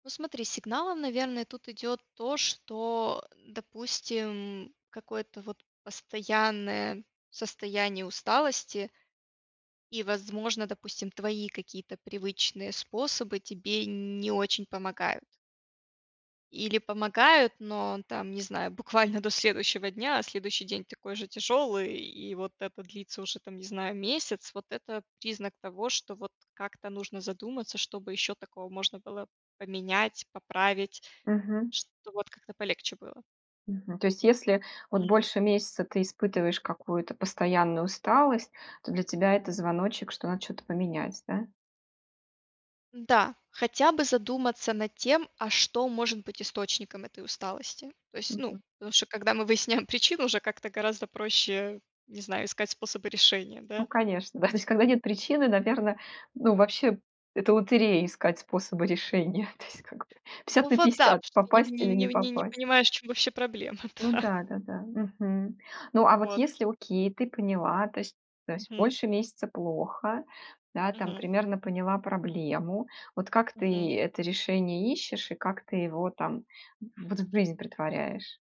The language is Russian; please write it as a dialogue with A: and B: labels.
A: Ну смотри, сигналом, наверное, тут идет то, что, допустим, какое-то вот постоянное состояние усталости. И, возможно, допустим, твои какие-то привычные способы тебе не очень помогают. Или помогают, но там, не знаю, буквально до следующего дня. А следующий день такой же тяжелый, и вот это длится уже, там, не знаю, месяц. Вот это признак того, что вот как-то нужно задуматься, что бы еще такого можно было поменять, поправить,
B: Мгм.
A: чтоб вот как-то полегче было.
B: Мгм. То есть, если вот
A: Мгм.
B: больше месяца ты испытываешь какую-то постоянную усталость, то для тебя это звоночек, что надо что-то поменять, да?
A: М-да. Хотя бы задуматься над тем, а что может быть источником этой усталости. То есть, ну,
B: Мгм.
A: потому что, когда мы выясняем причину, уже как-то гораздо проще, не знаю, искать способы решения,
B: Ну,
A: да.
B: конечно, да. То есть когда нет причины, наверно, ну, вообще, это лотерея- искать способы решения. То есть, как бы,
A: Ну,
B: пятьдесят на
A: вот да,
B: пятьдесят-
A: в смысле не в
B: попасть
A: не
B: или не
A: не в не не
B: попасть.
A: понимаешь, в чём вообще проблема,
B: Ну
A: да.
B: да, да, да. Мгм. Ну, а вот
A: Вот.
B: если, окей, ты поняла, то есть то есть
A: Мгм.
B: больше месяца плохо, да, там,
A: Мгм.
B: примерно поняла проблему. Вот как ты
A: Мгм.
B: это решение ищешь и как ты его там, вот, в жизнь претворяешь?